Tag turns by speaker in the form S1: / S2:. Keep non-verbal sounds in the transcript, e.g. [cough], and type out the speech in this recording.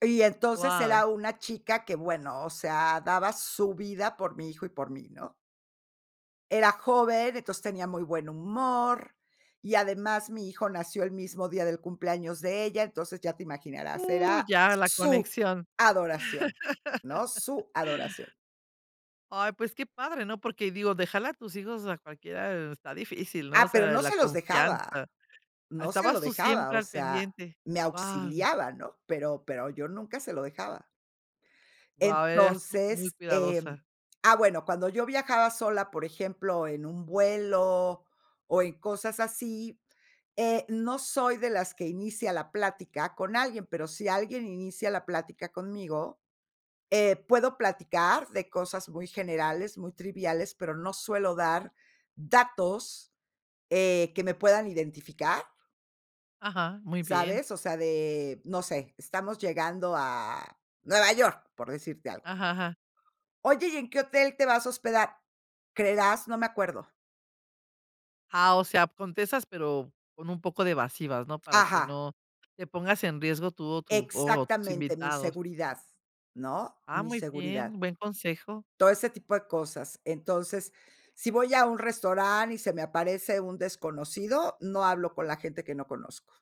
S1: Y entonces
S2: Guau.
S1: era una chica que, bueno, o sea, daba su vida por mi hijo y por mí, ¿no? Era joven, entonces tenía muy buen humor y además mi hijo nació el mismo día del cumpleaños de ella, entonces ya te imaginarás,
S2: Uh,
S1: era
S2: ya, la
S1: su
S2: conexión.
S1: adoración, ¿no?
S2: [laughs]
S1: Su adoración.
S2: Ay, pues qué padre, ¿no? Porque digo, déjale a tus hijos a cualquiera, está difícil, ¿no? O
S1: Ah, pero
S2: sea,
S1: no
S2: la
S1: se los dejaba,
S2: confianza,
S1: no se lo
S2: estabas tú
S1: dejaba,
S2: siempre
S1: o
S2: al
S1: sea,
S2: pendiente,
S1: me
S2: guau.
S1: auxiliaba, ¿no? Pero pero yo nunca se lo dejaba.
S2: Guau, eras tú muy
S1: Entonces,
S2: cuidadosa.
S1: em, ah, bueno, cuando yo viajaba sola, por ejemplo, en un vuelo o en cosas así, eh, no soy de las que inicia la plática con alguien, pero si alguien inicia la plática conmigo, eh, puedo platicar de cosas muy generales, muy triviales, pero no suelo dar datos, eh, me puedan identificar
S2: Ajá, muy bien.
S1: ¿sabes? O sea, de, no sé, estamos llegando a Nueva York, por decirte algo.
S2: Ajá, ajá.
S1: Oye, ¿y en qué hotel te vas a hospedar? 'Creerás, no me acuerdo.'
S2: Ah, o sea, contestas, pero con un poco de evasivas, ¿no? Para que
S1: Ajá.
S2: no te pongas en riesgo tú o tu o tus
S1: Exactamente, mi
S2: invitados.
S1: seguridad, ¿no?
S2: Ah,
S1: Mi
S2: muy bien,
S1: seguridad.
S2: buen consejo.
S1: Todo ese tipo de cosas, entonces, si voy a un restaurant y se me aparece un desconocido, no hablo con la gente que no conozco.